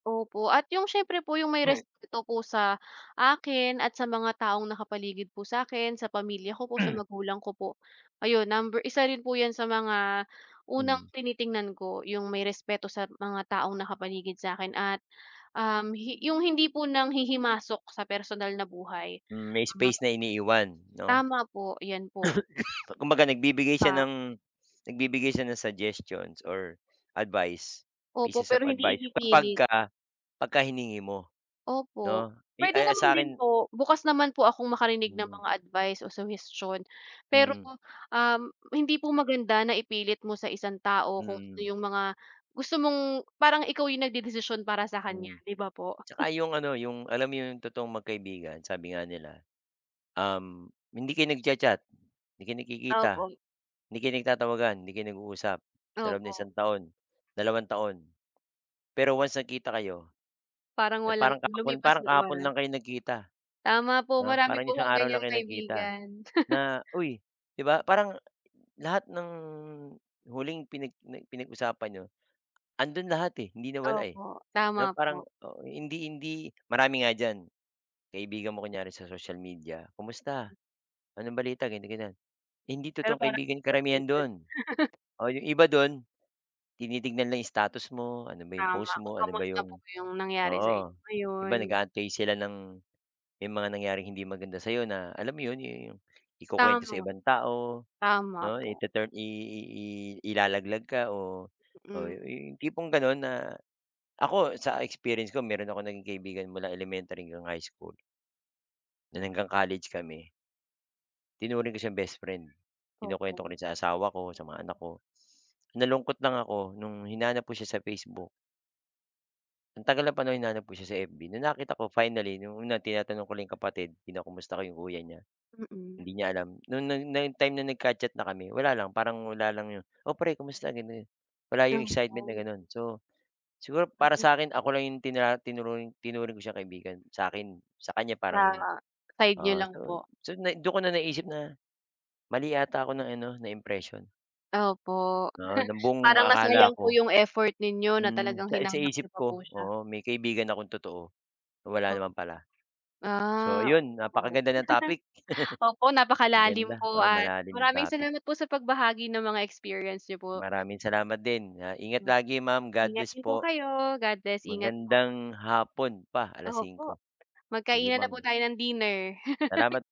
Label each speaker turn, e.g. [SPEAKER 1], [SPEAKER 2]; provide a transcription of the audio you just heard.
[SPEAKER 1] Opo at yung siyempre po yung may respeto po sa akin at sa mga taong nakapaligid po sa'kin, sa pamilya ko po, sa magulang ko po. Ayun, number isa rin po yan sa mga unang
[SPEAKER 2] Mm.
[SPEAKER 1] tinitingnan ko. Yung may respeto sa mga taong nakapaligid sa'kin at, um, hi yung hindi po nanghihimasok sa personal na buhay,
[SPEAKER 2] Mm, may
[SPEAKER 1] ah
[SPEAKER 2] space na iniiwan, 'no?
[SPEAKER 1] Tama po, yan po.
[SPEAKER 2] Kumbaga nagbibigay siya
[SPEAKER 1] Pa
[SPEAKER 2] ng nagbibigay siya ng suggestions or advice,
[SPEAKER 1] Opo,
[SPEAKER 2] pieces of
[SPEAKER 1] pero hindi
[SPEAKER 2] advice
[SPEAKER 1] ipipilit.
[SPEAKER 2] kapagka pagka hiningi mo,
[SPEAKER 1] Opo,
[SPEAKER 2] 'no, eh,
[SPEAKER 1] pwede
[SPEAKER 2] ay, ah
[SPEAKER 1] naman din
[SPEAKER 2] sa'kin
[SPEAKER 1] po. Bukas naman po akong makarinig ng
[SPEAKER 2] Mm.
[SPEAKER 1] mga advice o suhestiyon. Pero
[SPEAKER 2] Mm.
[SPEAKER 1] po, um, hindi po maganda na ipilit mo sa isang tao kung ano
[SPEAKER 2] Mm.
[SPEAKER 1] yung mga gusto mong parang ikaw yung nagdedesisyon para sa kanya,
[SPEAKER 2] Mm.
[SPEAKER 1] 'di ba po?
[SPEAKER 2] Tsaka 'yong ano 'yong alam mo yung totoong magkaibigan. Sabi nga nila, um, hindi kayo nagcha-chat, hindi kayo nagkikita,
[SPEAKER 1] Opo.
[SPEAKER 2] hindi kayo nagtatawagan, hindi kayo nag-uusap sa loob ng
[SPEAKER 1] Opo.
[SPEAKER 2] isang taon, dalawang taon. Pero once nagkita kayo,
[SPEAKER 1] Parang
[SPEAKER 2] eh,
[SPEAKER 1] walang
[SPEAKER 2] parang kahapon
[SPEAKER 1] lumipas
[SPEAKER 2] parang
[SPEAKER 1] na
[SPEAKER 2] kahapon
[SPEAKER 1] oras.
[SPEAKER 2] lang kayo nagkita,
[SPEAKER 1] Tama po
[SPEAKER 2] 'no?
[SPEAKER 1] marami
[SPEAKER 2] Parang
[SPEAKER 1] po
[SPEAKER 2] isang
[SPEAKER 1] akong
[SPEAKER 2] araw
[SPEAKER 1] ganyang
[SPEAKER 2] lang kayo nagkita
[SPEAKER 1] kaibigan.
[SPEAKER 2] na, "uy," 'di ba, parang lahat ng huling pinag n pinag-usapan nIyo, andun lahat, eh, hindi nawala, eh,
[SPEAKER 1] Opo,
[SPEAKER 2] 'no,
[SPEAKER 1] tama
[SPEAKER 2] parang
[SPEAKER 1] po.
[SPEAKER 2] o hindi hindi marami nga diyan kaibigan mo kunyari sa social media. "Kumusta anong balita?" ganyan-ganyan, hindi
[SPEAKER 1] Pero
[SPEAKER 2] totoong
[SPEAKER 1] parang
[SPEAKER 2] kaibigan
[SPEAKER 1] 'di
[SPEAKER 2] karamihan
[SPEAKER 1] updated.
[SPEAKER 2] do'n. Oh, yung iba dun, tinitignan lang yung status mo, ano ba 'yong
[SPEAKER 1] Tama
[SPEAKER 2] post
[SPEAKER 1] kung
[SPEAKER 2] mo? Ano ba
[SPEAKER 1] kamusta po
[SPEAKER 2] 'yong
[SPEAKER 1] ba yung nangyari sa
[SPEAKER 2] oo,
[SPEAKER 1] inyo
[SPEAKER 2] 'di ba,
[SPEAKER 1] ngayon. Gu
[SPEAKER 2] nag-aantay sila ng yung mga nangyaring hindi maganda sa'yo na alam mo yun yu yung ikukuwento sa
[SPEAKER 1] Tama.
[SPEAKER 2] ibang tao,
[SPEAKER 1] Tama
[SPEAKER 2] 'no.
[SPEAKER 1] po.
[SPEAKER 2] Ituturn i i i ilalaglag ka, oh, oy,
[SPEAKER 1] Mm.
[SPEAKER 2] yung tipong ganun na ako sa experience ko, meron akong naging kaibigan mula elementary hanggang high school na hanggang college kami. Tinuring ko siyang bestfriend kinukwento ko
[SPEAKER 1] Opo.
[SPEAKER 2] rin sa asawa ko, sa mga anak ko. Nalungkot lang ako nung hinanap ko siya sa Facebook. Ang tagal ng panahon hinanap ko siya sa FB nung nakita ko finally nung una tinatanong ko lang 'yong kapatid, kinukumusta ko 'yong kuya niya.
[SPEAKER 1] Mm.
[SPEAKER 2] HIndi niya alam no no nung time na nagka-chat na kami wala lang parang wala lang 'yon, "Oh, pre kumusta?" ganun-ganon, wala 'yong excitement na
[SPEAKER 1] Opo.
[SPEAKER 2] ganun. So, siguro para
[SPEAKER 1] Ambot
[SPEAKER 2] sa akin ako lang 'yong tinra tinuring tinuring ko siyang kaibigan sa'kin sa kanya
[SPEAKER 1] Sa
[SPEAKER 2] parang,
[SPEAKER 1] side niyo
[SPEAKER 2] ah,
[SPEAKER 1] lang
[SPEAKER 2] so
[SPEAKER 1] po.
[SPEAKER 2] so nai dun ko na naiisip na, mali yata ako ng ano ng impression.
[SPEAKER 1] Opo,
[SPEAKER 2] Oo, ng buong
[SPEAKER 1] parang nasayang
[SPEAKER 2] akala
[SPEAKER 1] po
[SPEAKER 2] ko
[SPEAKER 1] yung effort ninyo na
[SPEAKER 2] mm,
[SPEAKER 1] talagang
[SPEAKER 2] sa i
[SPEAKER 1] hinanap niyo
[SPEAKER 2] isip
[SPEAKER 1] pa po
[SPEAKER 2] ko
[SPEAKER 1] siya.
[SPEAKER 2] oo, may kaibigan akong totoo, wala
[SPEAKER 1] Oh,
[SPEAKER 2] naman pala. So,
[SPEAKER 1] ah,
[SPEAKER 2] ayun
[SPEAKER 1] opo.
[SPEAKER 2] napakaganda ng topic.
[SPEAKER 1] Opo, napakalalim
[SPEAKER 2] Maganda,
[SPEAKER 1] po
[SPEAKER 2] oo,
[SPEAKER 1] at
[SPEAKER 2] malalim yung
[SPEAKER 1] maraming
[SPEAKER 2] topic.
[SPEAKER 1] salamat po sa pagbahagi ng mga experience niyo po.
[SPEAKER 2] Maraming salamat din. Ah, ingat
[SPEAKER 1] 'No.
[SPEAKER 2] lagi ma'am
[SPEAKER 1] Ingat
[SPEAKER 2] godlbess
[SPEAKER 1] din po
[SPEAKER 2] po.
[SPEAKER 1] kayo, Godbless. Ingat po.
[SPEAKER 2] Magandang hapon pa alas
[SPEAKER 1] Opo,
[SPEAKER 2] 5:00. Sige
[SPEAKER 1] magkainan na po
[SPEAKER 2] ma'am.
[SPEAKER 1] tayo ng dinner.
[SPEAKER 2] Salamat.